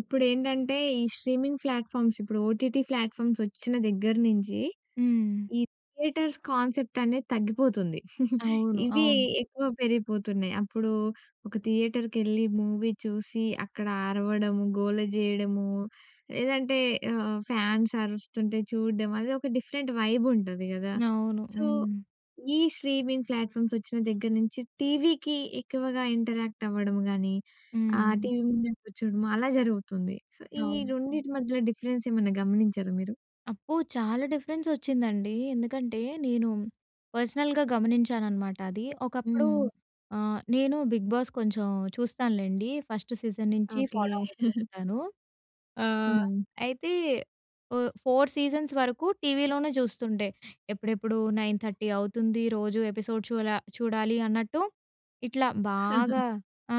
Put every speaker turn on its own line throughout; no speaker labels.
ఇప్పుడు ఏంటంటే ఈ స్ట్రీమింగ్ ప్లాట్‍ఫామ్స్ ఇప్పుడు ఓటీటీ ప్లాట్‍ఫామ్స్ వచ్చిన దగ్గర నుంచి
హ్మ్.
ఈ థియేటర్స్ కాన్సెప్ట్ అనేది తగ్గిపోతుంది.
అవును.
ఇవి
అవును.
ఎక్కువ పెరిగిపోతున్నాయి. అప్పుడు ఒక థియేటర్‌కెళ్ళి మూవీ చూసి అక్కడ అరవడము, గోల చేయడము. లేదంటే ఆహ్, ఫ్యాన్స్ అరుస్తుంటే చూడ్డం అది ఒక డిఫరెంట్ వైబ్ ఉంటది కదా!
అవును.
సో,
హ్మ్.
ఈ స్ట్రీమింగ్ ప్లాట్‍ఫామ్స్ వచ్చిన దగ్గర నుంచి టీవీకి ఎక్కువగా ఇంటరాక్ట్ అవ్వడం కాని, ఆహ్,
హ్మ్.
టీవీ ముందు కూర్చోవడము అలా జరుగుతుంది. సో, ఈ
అవును.
రెండిటి మధ్యలో డిఫరెన్స్ ఏమైనా గమనించారా మీరు?
అబ్బో! చాలా డిఫరెన్స్ వచ్చిందండి. ఎందుకంటే నేను పర్సనల్‌గా గమనించానన్నమాట అది. ఒకప్పుడు
హ్మ్.
ఆ! నేను 'బిగ్ బాస్' కొంచెం చూస్తాను లేండి. ఫస్ట్ సీజన్ నుంచి
ఓకె.
ఫాలో అవుతూ ఉంటాను. ఆహ్,
హ్మ్.
అయితే ఓహ్! 4 సీజన్స్ వరకు టీవీలోనే చూస్తుంటే ఎప్పుడెప్పుడు 9:30 అవుతుంది రోజు ఎపిసోడ్ చూడా చూడాలి అన్నట్టు ఇట్లా బాగా ఆ!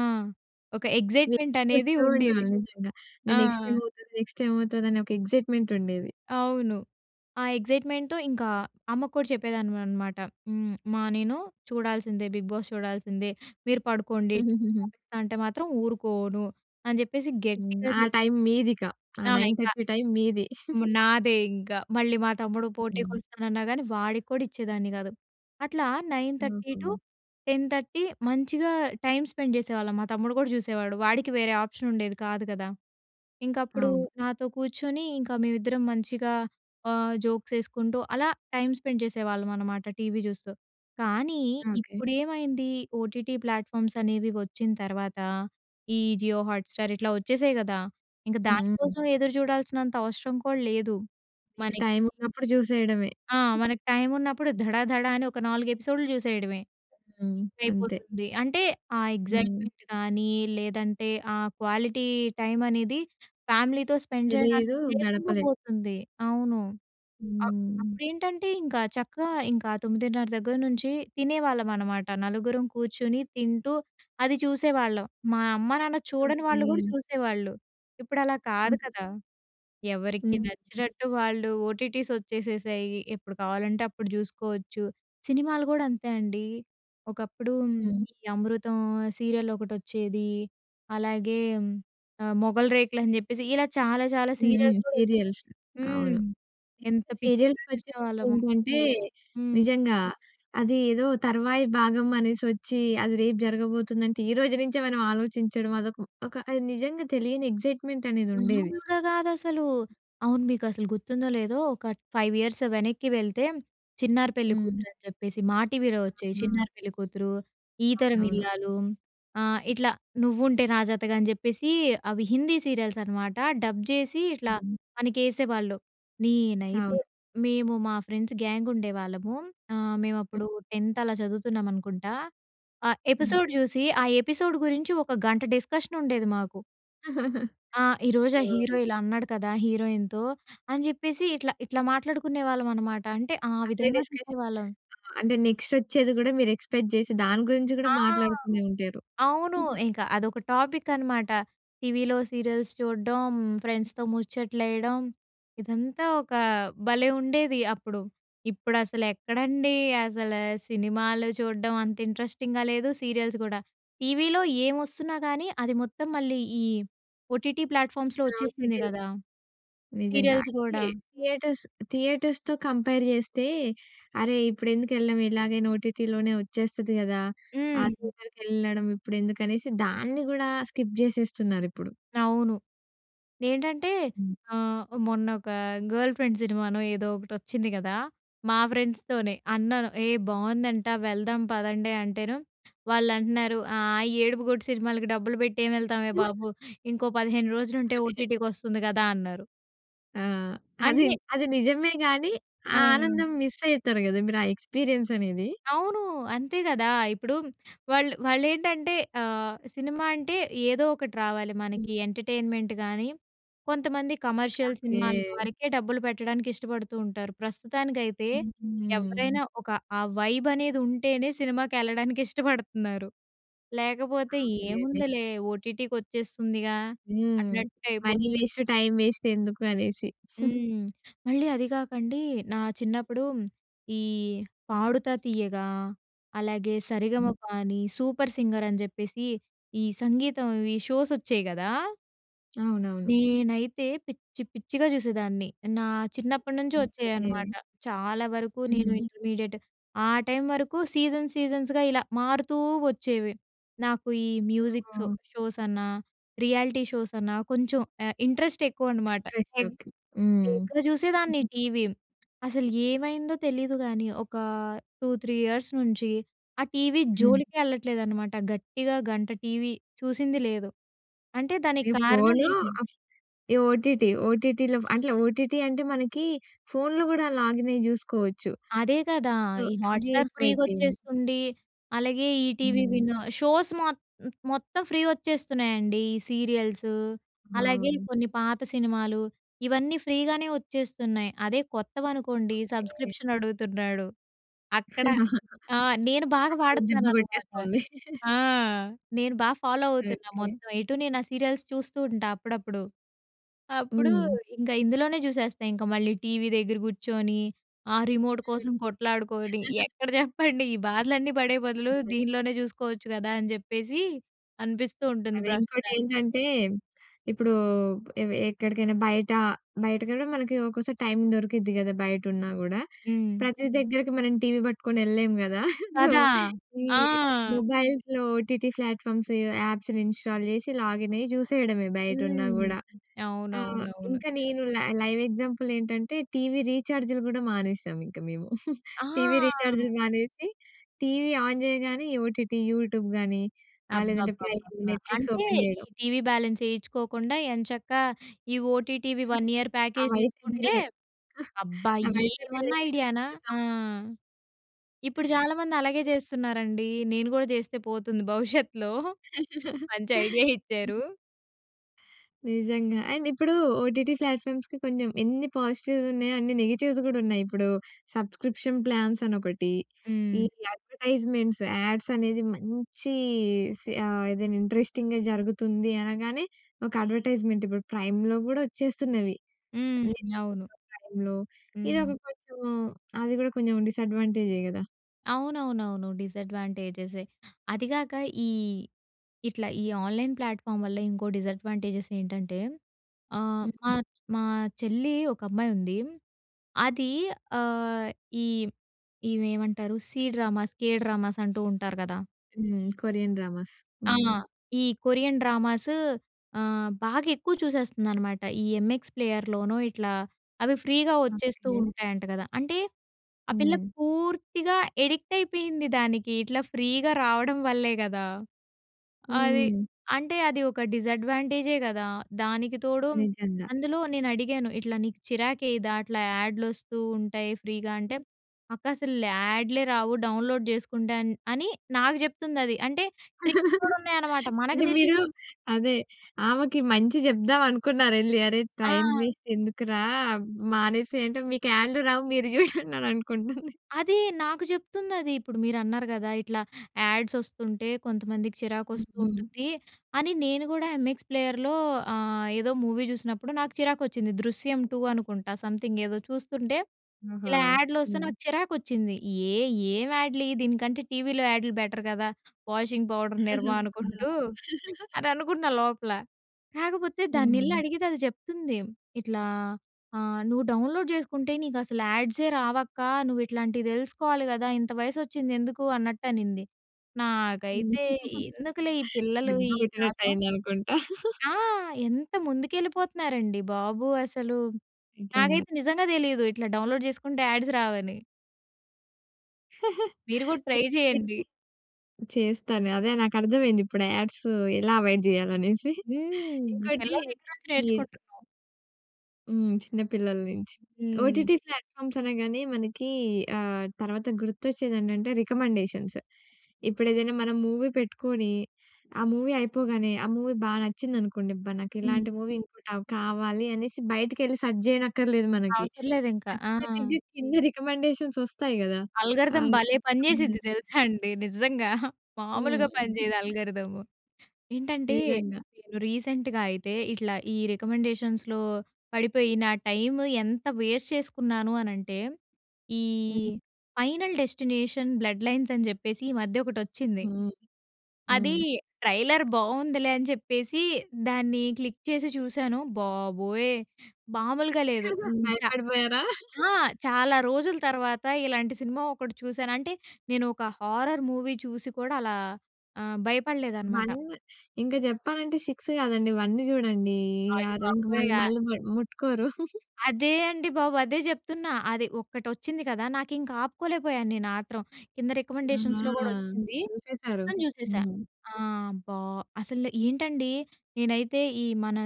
ఒక
వెయిట్
ఎక్సైట్‌మెంట్ అనేది
చేస్తూ
ఉండేది.
ఉండాలి. నిజంగా
ఆ!
నెక్స్ట్ ఏం అవుతది? నెక్స్ట్ ఏం అవుతది? అనే ఒక ఎక్సైట్‌మెంట్ ఉండేది.
అవును. ఆ ఎక్సైట్‌మెంట్‌తో ఇంకా అమ్మకు కూడా చెప్పేదాన్ని అన్నమాట. హ్మ్. అమ్మా నేను చూడాల్సిందే 'బిగ్ బాస్' చూడాల్సిందే. మీరు పడుకోండి టీవి ఆపిస్తా అంటే మాత్రం ఊరుకోను. అని చెప్పేసి
హ్మ్.
గట్టిగా
ఆ
చెప్పేసి
టైం మీదిక. ఆ
ఆ!
నైన్
ఇంకా
థర్టీ టైం మీది.
మా నాదే ఇంక. మళ్ళీ మా తమ్ముడు పోటీకి
హ్మ్.
వస్తానన్నా కాని వాడికి కూడా ఇచ్చేదాన్ని కాదు. అట్లా నైన్ థర్టీ టు
ఓహో!
టెన్ థర్టీ మంచిగా టైం స్పెండ్ చేసేవాళ్ళం మా తమ్ముడు కూడా చూసేవాడు. వాడికి వేరే ఆప్షన్ ఉండేది కాదు కదా! ఇంక అప్పుడు
అవును.
నాతో కూర్చొని ఇంక మేమిద్దరం మంచిగా ఆహ్, జోక్స్ వేసుకుంటూ అలా టైం స్పెండ్ చేసేవాళ్ళం అనమాట టీవీ చూస్తూ. కానీ
ఓకె.
ఇప్పుడు ఏమైంది ఓటీటీ ప్లాట్‍ఫామ్స్ అనేవి వచ్చిన తర్వాత ఈ 'జియో హాట్‌స్టార్' ఇట్లా వచ్చేసాయి కదా! ఇంక
హ్మ్. హ్మ్.
దానికోసం ఎదురుచూడాల్సినంత అవసరం కూడా లేదు
ఇక
మనకి.
టైం ఉన్నప్పుడు చూసేయడమే.
ఆ! మనకి టైం ఉన్నప్పుడు ధడధడ అని ఒక 4 ఎపిసోడ్‌లు చూసేయడమే.
హ్మ్. అంతే.
అయిపోతుంది. అంటే ఆ
హ్మ్.
ఎక్సైట్‌మెంట్ కానీ లేదంటే ఆ క్వాలిటీ టైం అనేది ఫ్యామిలీతో స్పెండ్
తెలీదు.
చేయడానికి లేకుండా
గడపలే.
పోతుంది. అవును. అ
హ్మ్.
అప్పుడేంటంటే ఇంకా చక్కగా ఇంకా 9:30 దగ్గర నుంచి తినేవాళ్ళం అన్నమాట నలుగురం కూర్చొని తింటూ అది చూసేవాళ్ళం. మా అమ్మా-నాన్న చూడని వాళ్ళు కూడా
ఓకె.
చూసేవాళ్ళు. ఇప్పుడు అలా కాదు
ఉహూ.
కదా! ఎవరికి
హ్మ్.
నచ్చినట్టు వాళ్ళు ఓటీటీస్ వచ్చేసేశాయి. ఎప్పుడు కావాలంటే అప్పుడు చూసుకోవచ్చు. సినిమాలు కూడా అంతే అండి. ఒకప్పుడు
హ్మ్.
ఈ 'అమృతం' సీరియల్ ఒకటొచ్చేది. అలాగే ఆహ్, 'మొగలి రేకులు' అని చెప్పేసి ఇలా చాలా, చాలా
హ్మ్. హ్మ్.
సీరియల్స్ కూడా వచ్చాయి.
సీరియల్స్
హ్మ్.
అవును.
ఎంత పిచ్చిగా
సీరియల్స్‌కి వచ్చేసరికి
చూసేవాళ్ళమో
ఏంటంటే
హ్మ్.
నిజంగా అది ఏదో తర్వాయి భాగం అనేసి వచ్చి. అది రేపు జరగబోతుందంటే ఈరోజు నుంచే మనం ఆలోచించడం అదొక ఒక అది నిజంగా తెలియని ఎక్సైట్‌మెంట్ అనేది ఉండేది
మామూలుగా కాదసలు. అవును. మీకు అసలు గుర్తుందో లేదో ఒక 5 ఇయర్స్ వెనక్కి వెళ్తే 'చిన్నారి
హ్మ్.
పెళ్ళికూతురు' అని చెప్పేసి. మా టీవీలో వచ్చేవి
ఆ!
'చిన్నారి పెళ్ళికూతురు', 'ఈతరం
అవునవును.
ఇల్లాలు' ఆహ్, ఇట్లా 'నువ్వుంటే నాజాతగా' అని చెప్పేసి అవి హిందీ సీరియల్స్ అన్నమాట డబ్ చేసి ఇట్లా
హ్మ్.
మనకేసేవాళ్ళు. నేనైతే
అవును.
మేము మా ఫ్రెండ్స్ గ్యాంగ్ ఉండేవాళ్ళము. ఆహ్, మేము
హ్మ్.
అప్పుడు 10థ్ అలా చదువుతున్నాం అనుకుంటా. ఆ
హ్మ్.
ఎపిసోడ్ చూసి ఆ ఎపిసోడ్ గురించి ఒక గంట డిస్కషన్ ఉండేది మాకు. ఆ! ఈరోజు ఆ హీరో
హ్మ్.
ఇలా అన్నాడు కదా హీరోయిన్‌తో అని చెప్పేసి ఇట్లా ఇట్లా మాట్లాడుకునే వాళ్ళం అనమాట అంటే ఆ
అదే
విధంగా
డిస్కషన్.
చూసేవాళ్ళం.
ఆ! అంటే నెక్స్టోచేది కూడా మీరు ఎక్స్పెక్ట్ చేసి దాని గురించి కూడా
ఆ!
మాట్లాడుతూనే ఉంటారు.
అవును. ఇంక అదొక టాపిక్ అనమాట. టీవీలో సీరియల్స్ చూడడం, ఫ్రెండ్స్‌తో ముచ్చట్లేయడం ఇదంతా ఒక భలే ఉండేది అప్పుడు. ఇప్పుడసలెక్కడండి అసల సినిమాలు చూడడం అంత ఇంట్రెస్టింగ్‍గా లేదు, సీరియల్స్ కూడా. టీవీలో ఏం వస్తున్నా కానీ అది మొత్తం మళ్ళీ ఈ ఓటీటీ ప్లాట్‍ఫామ్స్‌లో వచ్చేస్తుంది
ఓటీటీలు
కదా!
నిజంగా.
సీరియల్స్
అయితే
కూడా.
థియేటర్స్ థియేటర్స్‌తో కంపేర్ చేస్తే, అరే! ఇప్పుడెందుకెళ్ళడం? ఇలాగే ఓటిటీలోనే వచ్చేస్తది కదా! ఆ
హ్మ్.
థియేటర్‌కి వెళ్ళడం ఇప్పుడెందుకనేసి దాన్ని కూడా స్కిప్ చేసేస్తున్నారిప్పుడు.
అవును. ఏంటంటే
హ్మ్.
ఆహ్, మొన్న ఒక 'గర్ల్ ఫ్రెండ్' సినిమానో ఏదో ఒకటి వచ్చింది కదా! మా ఫ్రెండ్స్‌తోనే అన్నాను, ఏ! బాగుందంట. వెళ్దాం పదండి అంటేను, వాళ్ళంటున్నారు ఆహ్, "ఏడుపుగొట్టు సినిమాలకి డబ్బులు పెట్టి ఏం వెళ్తామే బాబు. ఇంకో 15 రోజులు
ఓకే.
ఉంటే ఓటీటీకొస్తుంది కదా!" అన్నారు.
ఆ! అది
అంటే
అది నిజమే గానీ! ఆ
హ్మ్.
ఆనందం మిస్ అయ్‌తరు గదా మీరా ఎక్స్పీరియన్స్ అనేది.
అవును. అంతే కదా! ఇప్పుడు వాళ్ళు వాళ్లేంటంటే ఆహ్, సినిమా అంటే ఏదో ఒకటి రావాలి
హ్మ్.
మనకి. ఎంటర్టైన్మెంట్ కానీ, కొంతమంది కమర్షియల్
ఓకే.
సినిమాల వరకే డబ్బులు పెట్టడానికి ఇష్టపడుతూ ఉంటారు. ప్రస్తుతానికైతే
హుహు.
ఎవరైనా ఒక ఆ వైబ్ అనేది ఉంటేనే, సినిమాకి ఎళ్ళడానికి ఇష్టపడుతున్నారు. లేకపోతే
అవునులెండి.
ఏముందిలే ఓటీటీకి వచ్చేస్తుందిగా
హ్మ్.
అన్నట్టయిపోతుంది.
మనీ వేస్ట్, టైం వేస్ట్ ఎందుకు అనేసి.
హ్మ్. మళ్ళీ అది కాకండి నా చిన్నప్పుడు ఈ 'పాడుతా తీయగా' అలాగే 'సరిగమపా'ని, 'సూపర్ సింగర్' అని చెప్పేసి ఈ సంగీతంవీ షోస్ వచ్చాయి గదా!
అవునవును.
నేనైతే పిచ్చి పిచ్చిగా చూసేదాన్ని. నా చిన్నప్పటి నుంచి
ఓకే.
వచ్చేవనమాట. చాలా వరకు నేను
హుహు.
ఇంటర్మీడియట్ ఆ టైం వరకు సీజన్ సీజన్స్‌గా ఇలా మారుతూ వచ్చేవి. నాకు ఈ మ్యూజిక్
హ్మ్.
షోస్ అన్నా, రియాలిటీ షోస్ అన్నా కొంచెం ఆహ్, ఇంట్రెస్ట్ ఎక్కువ అనమాట. [unintelligible]
[unintelligible] హ్మ్.
ఎక్కువ చూసేదాన్ని టీవీ. అసలు ఏమైందో తెలీదు గానీ, ఒక 2, 3 ఇయర్స్ నుంచి ఆ టీవీ
హ్మ్.
జోలికే ఎళ్ళట్లేదనమాట. గట్టిగా గంట టీవీ చూసింది లేదు. అంటే దానికి
ఈ
కారణం
ఫోనూ
ఏమి?
ఆఫ్ ఈ ఓటీటీ ఓటీటీలో అట్ల ఓటీటీ అంటే, మనకి ఫోన్‌లో గూడా లాగిన్ అయి చూసుకోవచ్చు.
అదే గదా!
సో,
ఈ
అది
హాట్‌స్టార్ ఫ్రీగా
ఎక్కువైపోయింది.
వచ్చేస్తుంది. అలాగే ఈటీవీ
హ్మ్.
విను. షోస్ మొ మొత్తం ఫ్రీ వచ్చేస్తున్నాయండి. ఈ సీరియల్సూ, అలాగే
ఆ!
కొన్ని పాత సినిమాలు ఇవన్నీ ఫ్రీగానే వచ్చేస్తున్నాయి. అదే కొత్తవనుకోండి
ఓకే.
సబ్స్క్రిప్షన్ అడుగుతున్నాడు. అక్కడ ఆ! నేను బాగా
అక్కడ దెబ్బ
వాడుతున్నాననమాట.
కొట్టేస్తుంది.
ఆ! నేను బా ఫాలో అవుతున్నా
ఓకే.
మొత్తం. ఎటు నేను ఆ సీరియల్స్ చూస్తూ ఉంటా అప్పుడప్పుడు. అప్పుడు
హ్మ్.
ఇంక ఇందులోనే చూసేస్తా. ఇంక మళ్ళీ టీవీ దగ్గర కూర్చొని, ఆ రిమోటు
హ్మ్.
కోసం కొట్లాడుకొని ఎక్కడ చెప్పండి? "ఈ బాధలన్నీ పడే బదులు దీనిలోనే చూసుకోవచ్చు గదా!" అని చెప్పేసి, అనిపిస్తూ ఉంటుంది
అదే
ప్రస్తుతానికి.
ఇంకోటేంటంటే ఇప్పుడు ఎవె ఎక్కడికైనా బయట బయటకి కూడా మనకి ఒక్కోసారి టైమ్ దొరుకుద్ది గదా, బయట ఉన్నా గూడా.
హ్మ్.
ప్రతి దగ్గరకి మనం టీవీ పట్టుకొని ఎళ్ళలేము గదా! సో,
కదా!
ఈ
ఆ!
మొబైల్స్‌లో ఓటీటీ ప్లాట్‍ఫామ్స్ ఆప్స్ ఇన్స్టాల్ చేసి లాగిన్ అయ్యి చూసేయడమే, బయట ఉన్నా
హ్మ్.
గూడా. ఆ!
అవునవునవును.
ఇంకా నేను లై లైవ్ ఎగ్జాంపుల్ ఏంటంటే టీవీ రీచార్జ్‌లు కూడా మానేసాం ఇంక మేము. టీవీ
ఆ!
రీచార్జ్‌లు మానేసి, టీవీ ఆన్ చేయగానే ఈ ఓటీటీ, యూట్యూబ్ గాని, ఆహ్, లేదంటే ప్రైమ్,
అబ్బబ్బబ్బబ్బా!
నెట్ఫ్లిక్స్
అంటే
ఓపెన్
ఈ
చేయడం.
టీవీ బ్యాలెన్స్ ఏయిచ్చుకోకుండా ఎంచక్కా ఈ ఓటీటీవీ 1 ఇయర్
ఆ
ప్యాకేజ్
వైఫై
తీసుకుంటే
బిల్.
అబ్బా
ఆ వైఫై బిల్
ఏమన్నా ఐడియానా!
[unintelligible]
ఆ! ఇప్పుడు చాలామంది అలాగే చేస్తున్నారండి. నేను గూడా చేస్తే పోతుంది భవిష్యత్తులో. మంచి ఐడియా ఇచ్చారు.
నిజంగా. అండ్ ఇప్పుడు ఓటీటీ ప్లాట్‍ఫామ్స్‌కి కొంచం, ఎన్ని పాజిటివ్స్ ఉన్నాయో, అన్ని నెగటివ్స్ కూడా ఉన్నాయి. ఇప్పుడు, సబ్స్క్రిప్షన్ ప్లాన్స్ అని ఒకటి, ఈ
హ్మ్.
అడ్వర్టైజ్మెంట్స్, యాడ్స్ అనేది మంచి సి ఆహ్, ఏదైనా ఇంట్రెస్టింగ్‍గా జరుగుతుంది అనగానే, ఒక అడ్వర్టైజ్మెంట్ ఇప్పుడు ప్రైమ్‌లో కూడా వచ్చేస్తున్నవి.
హ్మ్.
అమెజాన్
అవును
ప్రైమ్‌లో ఇది ఒక
హ్మ్.
కొంచెం, అది కూడా కొంచెం డిసాడ్వాంటేజే కదా!
అవునవునవును. డిసడ్వాంటేజెసే. అది కాక, ఈ ఇట్లా ఈ ఆన్‍లైన్ ప్లాట్‍ఫామ్ వల్ల ఇంకో డిసాడ్వాంటేజెస్ ఏంటంటే, ఆహ్, మా,
హహు.
మా చెల్లి ఒకమ్మాయి ఉంది. అది ఆహ్, ఈ ఈమె ఏమంటారు సీ డ్రామాస్, కే డ్రామాస్ అంటూ ఉంటారు కదా!
హ్మ్. Korean dramas.
ఆ!
హ్మ్.
ఈ కొరియన్ డ్రామాస్ ఆహ్, బాగా ఎక్కువ చూసేస్తుందన్నమాట. ఈ ఎంఎక్స్ ప్లేయర్‌లోనో, ఇట్లా అవి ఫ్రీగా వచ్చేస్తూ
ఓకె.
ఉంటాయంట కదా! అంటే, ఆ పిల్ల
హ్మ్.
పూర్తిగా అడిక్ట్ అయిపోయింది దానికి. ఇట్లా ఫ్రీగా రావడం వల్లే కదా! అది.
హ్మ్.
అంటే, అది ఒక డిసడ్వాంటేజే కదా! దానికి తోడు
నిజంగా.
అందులో, నేనడిగాను ఇట్లా, నీకు చిరాకు వేయదా, అట్లా యాడ్‌లు వస్తూ ఉంటాయి ఫ్రీగా అంటే, "అక్క! అసలు యాడ్‌లే రావు. డౌన్‌లోడ్ చేసుకుంటాను" అని నాకు చెప్తుందది. అంటే, ట్రిక్స్ కూడా ఉన్నాయన్నమాట, మనకు
అంటే,
తెలియదు.
మీరు అదే, ఆమెకి మంచి చెప్దాం అనుకున్నారు. "అరే! టైమ్
ఆ!
వేస్ట్ ఎందుకురా? మానేసెయ్" అంటే మీకు యాడ్‌లు రావు, మీరు చూడండి అనుకుంటుంది.
అదే నాకు చెప్తుందది. ఇప్పుడు, మీరన్నారు కదా! ఇట్లా యాడ్స్ వస్తుంటే, కొంతమందికి చిరాకు
హ్మ్,
వస్తూ
హ్మ్.
ఉంటుంది అని నేను కూడా ఎంఎక్స్ ప్లేయర్‌లో ఆహ్, ఏదో మూవీ చూసినప్పుడు నాకు చిరాకు వచ్చింది. 'దృశ్యం టూ' అనుకుంటా సమ్‌థింగ్ ఏదో చూస్తుంటే,
ఆహా!
ఇలా యాడ్‌లు వస్తే
హ్మ్.
నాకు చిరాకు వచ్చింది. ఏహ్! ఏం యాడ్‌లు ఇయి దీనికంటే, టీవీలో యాడ్‌లు బెటర్ కదా! వాషింగ్ పౌడర్ నిర్మ అనుకుంటూ అని అనుకున్నా లోపల. కాకపోతే దాన్నెళ్లి
హ్మ్.
అడిగితే, అది చెప్తుంది ఇట్లా ఆహ్, "నువ్వు డౌన్‌లోడ్ చేసుకుంటే, నీకసలు యాడ్సే రావక్క. నువ్వు ఇట్లాంటివి తెలుసుకోవాలి కదా! ఇంత వయసు వచ్చింది ఎందుకు?" అన్నట్టునింది. నాకైతే, ఎందుకులే ఈ పిల్లలు
దెబ్బ
ఈ
కొట్టినట్టు
కాలం.
అయిందనుకుంటా?
ఆ! ఎంత ముందుకెళ్ళిపోతున్నారండి బాబు అసలు.
నిజంగా.
నాకైతే, నిజంగా తెలీదు. ఇట్లా డౌన్‌లోడ్ చేసుకుంటే యాడ్స్ రావని. మీరు గూడా
అయితే
ట్రై జెయండి.
అండి చేస్తాను. అదే నాకర్థమైంది. ఇప్పుడు యాడ్స్ ఎలా అవాయిడ్ జెయాలనేసి.
హ్మ్.
ఇంకోటి
పిల్లల దగ్గర నుంచి
ఈ
నేర్చుకుంటున్నాం.
హ్మ్. చిన్న పిల్లల్నించి.
హ్మ్.
ఓటీటీ ప్లాట్‍ఫామ్స్ అనగానే మనకి ఆహ్, తర్వాత గుర్తొచ్చేదెంటంటే రికమెండేషన్స్. ఇప్పుడు ఏదైనా మనం మూవీ పెట్టుకొని, ఆ మూవీ అయిపోగానే ఆ మూవీ బా నచ్చిందనుకోండి. అబ్బ!
హ్మ్.
నాకిలాంటి మూవీ ఇంకోటి అవ్ కావాలి అనేసి బయటికెళ్ళి సర్చ్ చేయనక్కర్లేదు మనకి.
అవసరం లేదు ఇంక. ఆ!
ఆటోమేటిక్‌గా కింద రికమెండేషన్స్ ఒస్తాయి గదా! ఆ!
అల్గారిథం భలే
అవునండి.
పనిచేసిద్ది తెలుసా అండి నిజంగా. మామూలుగా
హ్మ్.
పనిచేయదు అల్గారిథము. ఏంటంటే,
నిజంగా.
నేను రీసెంట్‍గా అయితే ఇట్లా ఈ రికమెండేషన్స్‌లో పడిపోయి నా టైమ్ ఎంత వేస్ట్ చేసుకున్నాను అనంటే, ఈ
హ్మ్.
ఫైనల్ డెస్టినేషన్ బ్లడ్ లైన్స్ అని జెప్పేసి ఈ మధ్య ఒకటొచ్చింది.
హ్మ్.
అదీ
హ్మ్.
ట్రైలర్ బావుందిలే అని జెప్పేసి, దాన్ని క్లిక్ చేసి చూసాను. బాబోయ్! మామూలుగా లేదు. హ్మ్. చా
భయపడిపోయారా?
ఆ! చాలా రోజుల తర్వాత ఇలాంటి సినిమా ఒకటి చూసాను. అంటే నేను ఒక హారర్ మూవీ చూసి కూడా అలా ఆహ్, భయపడలేదనమాట.
1 ఇంకా జెప్పాలంటే, 6 గాదండి, 1 జూడండి. అది ఇంక
అయ్‌బాబోయ్!
మళ్ళీ
ఆ
మళ్ళీ మ ముట్టుకోరు.
అదే అండి బాబు. అదే జెప్తున్నా. అది ఒక్కటొచ్చింది గదా! నాకింక ఆపుకోలేకపోయాను నేను ఆత్రం. కింద రికమెండేషన్స్‌లో
ఆహా!
గూడొచ్చింది.
చూసేసారు.
మొత్తం జూసేశా.
హ్మ్.
ఆ! అబ్బా! అసలు ఏంటండి? నేనైతే ఈ మన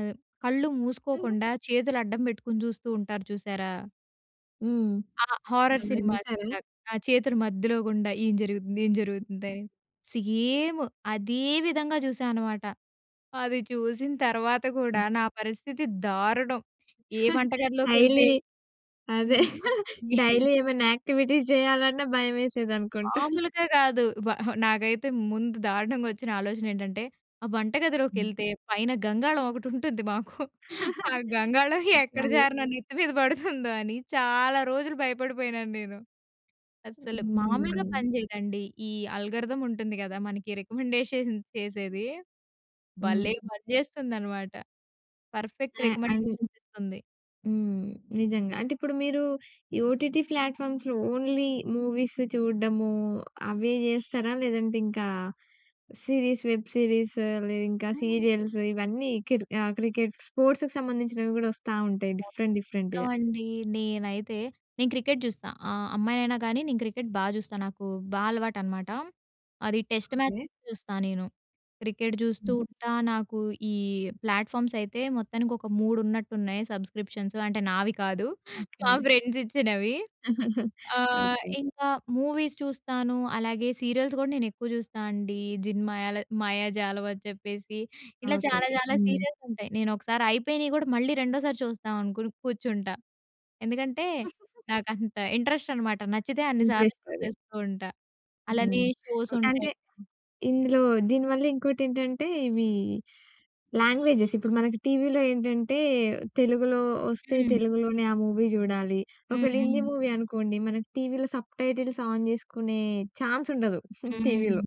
కళ్ళు మూసుకోకుండా, చేతులు అడ్డం బెట్టుకొని చూస్తూ ఉంటారు చూశారా?
హ్మ్.
ఆ హారర్
అలా
సినిమా ఆది
చూసారా?
చాక్ ఆ చేతులు మధ్యలో గుండా ఏం జరుగుతుంది? ఏం జరుగుతుందని సేమ్ అదే విధంగా జూసా అనమాట. అది చూసిన తర్వాత కూడా నా పరిస్థితి దారుణం ఏ వంటగదిలోకెళ్తే
డైలీ అదే
హ్మ్.
డైలీ ఏమనా యాక్టివిటీస్ జేయాలన్నా భయమేసేదనుకుంటా.
మాములుగా గాదు. వ హ నాకైతే ముందు దారుణంగొచ్చిన ఆలోచనేంటంటే ఆ వంట గదిలోకి ఎళ్తే పైన గంగాళం ఒకటుంటుంది మాకు. ఆ గంగాళం
ఓకే
ఎక్కడ
అది
జారి నా నెత్తి మీద పడుతుందో అని చాలా రోజులు భయపడిపోయినాను నేను. అస్సలు మామూలుగా
హుహుహు.
పనిచేయదండి. ఈ ఆల్గారిథమ్ ఉంటుంది గదా మనకి రికమెండేషన్ చేసేది
హ్మ్.
భలే పనిచేస్తుందన్నమాట. పర్ఫెక్ట్
ఆ అని
రికమెండేషన్స్ ఇస్తుంది.
హ్మ్ నిజంగా. అంటే ఇప్పుడు మీరు ఈ ఓటీటీ ఫ్లాట్‍ఫామ్స్‌లో ఓన్లీ మూవీస్ చూడ్డము అవే జేస్తారా? లేదంటే ఇంకా సీరీస్ వెబ్ సీరీస్ లేదింకా సీరియల్స్ ఇవన్నీ కిర్ క్రికెట్ స్పోర్ట్స్‌కి సంబంధించినవి కూడా వస్తా ఉంటాయి.
మొత్తం
డిఫరెంట్ డిఫరెంట్‌గా.
అండి నేనైతే నేను క్రికెట్ జూస్తా. ఆహ్, అమ్మాయినైనా గానీ నేను క్రికెట్ బా జూస్తా. నాకు బా అలవాటనమాట. అది టెస్ట్ మ్యాచ్
ఓకే.
చూస్తా నేను. క్రికెట్ జూస్తూ
హ్మ్.
ఉంటా, నాకు ఈ ప్లాట్‍ఫామ్స్ అయితే మొత్తానికి ఒక 3 ఉన్నట్టు ఉన్నాయి సబ్స్క్రిప్షన్సు అంటే నావి కాదు. మా
ఓకే.
ఫ్రెండ్స్ ఇచ్చినవి. ఆ!
ఓకే.
ఇంకా మూవీస్ చూస్తాను. అలాగే సీరియల్స్ కూడా నేను ఎక్కువ జూస్తానండి. జిన్ మాయల మాయజాలం అని చెప్పేసి, ఇలా
ఓకే.
చాలా చాలా
హ్మ్.
సీరియల్స్ ఉంటాయి నేనొకసారి అయిపోయినయి గూడా మళ్ళీ రెండోసారి చూస్తాం అనుకుని కూర్చుంటా. ఎందుకంటే నాకంత ఇంట్రెస్ట్ అనమాట. నచ్చితే అన్ని సార్లు
[unintelligible]
చూసేస్తూ ఉంటా. అలానే
హ్మ్.
షోస్
అంటే
ఉంటాయి. హ్మ్.
ఇందులో దీనివల్ల ఇంకోటేంటంటే ఇవి లాంగ్వేజెస్ ఇప్పుడు మనకు టీవీలో ఏంటంటే తెలుగులో ఒస్తే
హ్మ్.
తెలుగులోనే ఆ మూవీ జూడాలి.
హ్మ్,
ఒకవేళ హిందీ
హ్మ్.
మూవీ అనుకోండి మనకు టీవీలో సబ్‌టైటిల్స్ ఆన్ జేసుకునే ఛాన్స్ ఉండదు టీవీలో.
హ్మ్.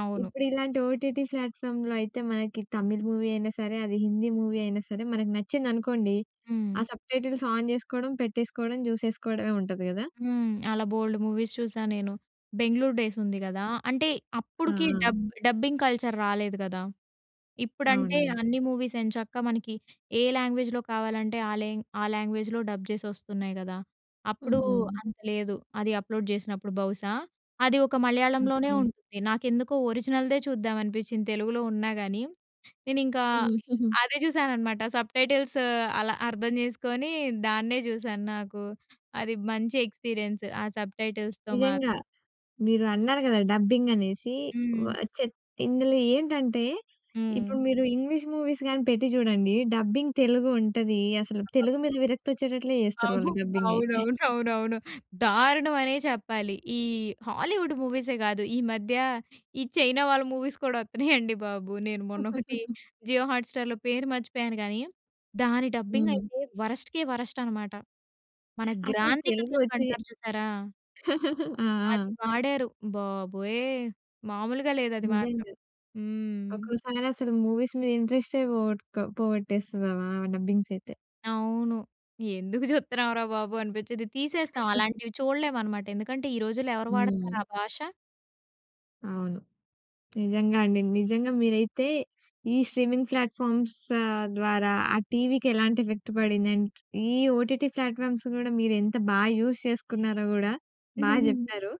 అవును.
ఇప్పుడిలాంటి ఓటీటీ ఫ్లాట్‍ఫామ్‍లో అయితే మనకి తమిళ్ మూవీ అయినా సరే, అది హిందీ మూవీ అయినా సరే మనకి నచ్చిందనుకోండి, ఆ
హ్మ్.
సబ్‌టైటిల్స్ ఆన్ జేసుకోవడం పెట్టేసుకోవడం, జూసేసుకోవడమే ఉంటది గదా!
హ్మ్. అలా బోల్డు మూవీస్ చూసా నేను. 'బెంగుళూరు డేస్' ఉంది గదా! అంటే
గ ఆ!
అప్పుడికి
ఆ!
డబ్ డబ్బింగ్ కల్చర్ రాలేదు గదా! ఇప్పుడంటే
అవునవును.
అన్ని మూవీస్ ఎంచక్కా మనకి ఏ లాంగ్వేజ్‍లో కావాలంటే, ఆ లాంగ్ ఆ లాంగ్వేజ్‍లో డబ్ జేసి ఒస్తున్నాయి గదా! అప్పుడు
హుహు.
అంత లేదు. అది అప్లోడ్ జేసినప్పుడు బహుశా. అది ఒక మలయాళంలోనే
ఓకే.
ఉంటుంది. నాకెందుకో ఒరిజినల్దే చూద్దాం అనిపించింది తెలుగులో ఉన్నా గాని, నేనింకా
హ్మ్. హుహు.
అదే చూశాననమాట. సబ్‌టైటిల్స్ అలా అర్థం చేసుకొని దాన్నే చూశాను. నాకు అది మంచి ఎక్స్‌పీరియన్స్ ఆ సబ్‌టైటిల్స్‌తో మాత్
నిజంగా. మీరు అన్నారు గదా డబ్బింగ్ అనేసి. వ
హ్మ్.
చెత్ ఇందులో ఏంటంటే
హ్మ్.
ఇప్పుడు మీరు ఇంగ్లీష్ మూవీస్ గాని పెట్టి చూడండి. డబ్బింగ్ తెలుగు ఉంటది అసలు తెలుగు మీద
[unintelligible]
విరక్తి వచ్చేటట్లే జేస్తారు
ఆహు
వాళ్ళు డబ్బింగ్ అయితే.
అవునవునవునవును. దారుణమనే చెప్పాలి. ఈ హాలీవుడ్ మూవీసే గాదు. ఈ మధ్య ఈ చైనా వాళ్ళ మూవీస్ కూడా వత్తున్నాయండి బాబు. నేను మొన్నొకటి జియో హాట్‌స్టార్‌లో పేరు మర్చిపోయాను గానీ దాని డబ్బింగ్
హ్మ్.
అయితే వరస్ట్‌‌‌‌‌‌‌కే వరస్ట్ అనమాట. మన
అసలు
గ్రాంథిక
తెలుగు
తెలుగు
వచ్చి
అంటారు చూసారా!
ఆ!
అది
ఆ!
వాడారు. బాబోయ్! మాములుగా లేదు అది మాత్రం.
నిజంగా
హ్మ్.
ఒకోసారి అసలు మూవీస్ మీద ఇంట్రెస్ట్ పోగొట్కో పోగొట్టేస్తది, ఆ వ ఆ డబ్బింగ్స్ అయితే.
అవును. ఎందుకు చూత్తున్నాం రా బాబు అనిపించ్చిది. తీసేస్తాం అలాంటివి చూడలేమనమాట ఎందుకంటే ఈ రోజుల్లో ఎవరు వాడతారు ఆ
హ్మ్.
భాష?
అవును. నిజంగా అండి. నిజంగా మీరైతే ఈ స్ట్రీమింగ్ ఫ్లాట్‍ఫామ్స్ ద్వారా ఆ టీవీకి ఎలాంటి ఎఫెక్ట్ పడింది? అండ్ ఈ ఓటీటీ ఫ్లాట్‍ఫామ్స్ గూడా మీరెంత బా యూజ్ చేసుకున్నారో గూడా బా చెప్పారు.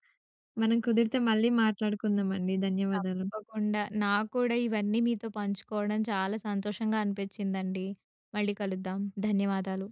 మనం కుదిరితే మళ్ళీ మాట్లాడుకుందామండి. ధన్యవాదాలు.
తప్పకుండా నాకూడా ఇవన్నీ మీతో పంచుకోవడం చాలా సంతోషంగా అనిపించిందండి. మళ్ళీ కలుద్దాం. ధన్యవాదాలు.